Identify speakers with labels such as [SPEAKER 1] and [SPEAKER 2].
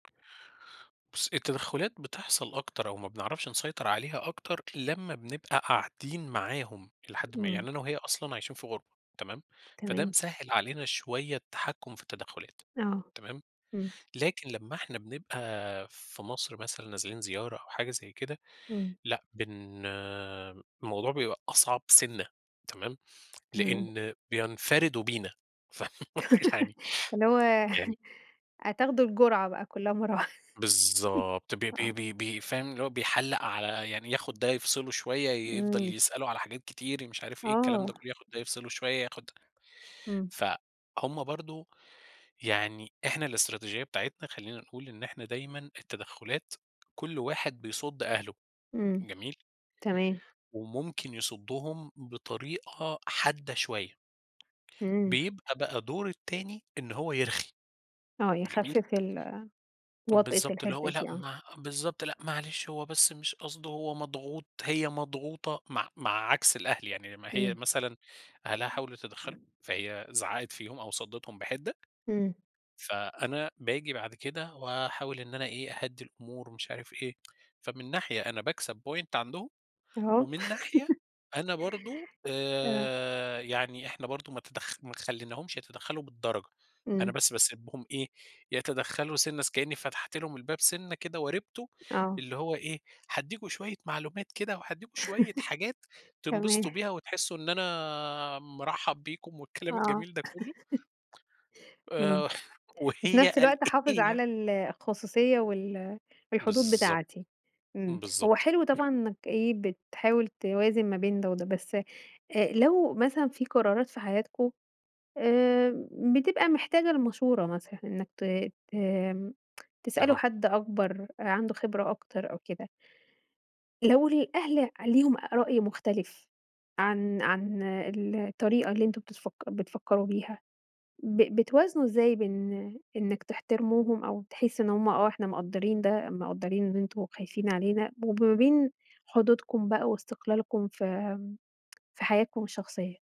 [SPEAKER 1] بُصّي، التدخلات بتحصَل أكتر أو ما بنعرَفش نسيطر عليها أكتر لمّا بنبقى قاعدين معاهم إلى حدٍ ما.
[SPEAKER 2] إمم.
[SPEAKER 1] يعني أنا وهي أصلًا عايشين في غُربة، تمام، فده
[SPEAKER 2] تمام.
[SPEAKER 1] مسهّل علينا شوية التحكّم في التدخلات،
[SPEAKER 2] آه،
[SPEAKER 1] تمام،
[SPEAKER 2] إمم.
[SPEAKER 1] لكن لمّا إحنا بنبقى في مصر مثلًا نازلين زيارة أو حاجة زي كده،
[SPEAKER 2] إمم.
[SPEAKER 1] لأ، بن الموضوع بيبقى أصعب سِنّة، تمام،
[SPEAKER 2] تمام.
[SPEAKER 1] لأن بينفَردوا بينا، ف يعني
[SPEAKER 2] اللي هو
[SPEAKER 1] يعني
[SPEAKER 2] هتاخدوا الجُرعة بقى كلّها مرّة واحد
[SPEAKER 1] بالضبط، ب ب
[SPEAKER 2] آه.
[SPEAKER 1] ب ب فاهم، اللي هو بيحلَق على يعني ياخُد ده يفصّله شوية، ي يفضَل
[SPEAKER 2] إمم.
[SPEAKER 1] يسأله على حاجات كتير، مش عارف إيه، الكلام ده
[SPEAKER 2] آه
[SPEAKER 1] كلّه، ياخد ده يفصّله شوية، ياخد ده.
[SPEAKER 2] إمم.
[SPEAKER 1] فهُم برضه، يعني إحنا الاستراتيجية بتاعتنا خلّينا نقول إن إحنا دايمًا التدخلات كلّ واحد بيصُد أهله،
[SPEAKER 2] إمم،
[SPEAKER 1] جميل.
[SPEAKER 2] تمام.
[SPEAKER 1] وممكن يصدّهم بطريقة حادّة شوية.
[SPEAKER 2] إمم.
[SPEAKER 1] بيبقى بقى دور التاني إن هو يرخِي،
[SPEAKER 2] آه،
[SPEAKER 1] جميل.
[SPEAKER 2] يخفِّف ال
[SPEAKER 1] طَب
[SPEAKER 2] وطأة
[SPEAKER 1] بالضبط، اللي
[SPEAKER 2] الحِدّة
[SPEAKER 1] هو لأ،
[SPEAKER 2] دي، آه.
[SPEAKER 1] ما بالضبط، لأ، معلش هو بس مش قصده، هو مضغوط، هي مضغوطة، مع مع عكْس الأهل. يعني لمّا هي
[SPEAKER 2] إمم.
[SPEAKER 1] مثلًا أهلها حاولوا يتدخّلوا، فهي زعّقِت فيهُم أو صدِّتهم بحِدّة.
[SPEAKER 2] إمم.
[SPEAKER 1] فأنا باجي بَعد كده وأحاول إن أنا إيه، أهدّي الأمور ومش عارف إيه. فمن ناحية أنا باكسَب point عَندهم،
[SPEAKER 2] آه.
[SPEAKER 1] ومن ناحية أنا برضه،
[SPEAKER 2] آه.
[SPEAKER 1] آآ، يعني إحنا برضه ما تدخ ما خلّيناهمش يتدخّلوا بالدرجة. أنا
[SPEAKER 2] إمم.
[SPEAKER 1] بس بسيبهم إيه، يتدخّلوا سِنّة س كأني فتَحت لهُم الباب سِنّة كده وارِبتُه،
[SPEAKER 2] آه.
[SPEAKER 1] اللي هو إيه، هادّيكم شوية معلومات كده، وهادّيكم شوية حاجات
[SPEAKER 2] تمام
[SPEAKER 1] تنبسطوا بيها وتحسّوا إن أنا مرحّب بيكم والكلام
[SPEAKER 2] آه.
[SPEAKER 1] الجميل ده كلّه.
[SPEAKER 2] إمم،
[SPEAKER 1] آآ،
[SPEAKER 2] وفي
[SPEAKER 1] وهي
[SPEAKER 2] نَفس
[SPEAKER 1] قال
[SPEAKER 2] الوقت حافِظ
[SPEAKER 1] إيه يعني
[SPEAKER 2] على ال الخصوصية وال الحدود
[SPEAKER 1] بالضبط،
[SPEAKER 2] بتاعتي. إمم. هو
[SPEAKER 1] بالضبط
[SPEAKER 2] حلو طبعًا إنك إيه، بتحاول توازِن ما بين ده وده، بس آآ لو مثلًا في قرارات في حياتكم آآ بتبقى محتاجة لمشُورة مثلًا إنك ت ت تسألوا
[SPEAKER 1] أها.
[SPEAKER 2] حَد أكبر آآ، عَنده خبرة أكتر أو كده. لو الأهل ليهم أ رأي مختلِف عن عن ال الطريقة اللي أنتم بتفكّ بتفكّروا بيها، ب بتوازنوا إزاي بين إنك تحترموهم أو تحس إن هُم، آه إحنا مقدّرين ده، مقدّرين إن أنتم خايفين علينا، وما بين حدودكم بقى واستقلالكم في، في حياتكم الشخصية؟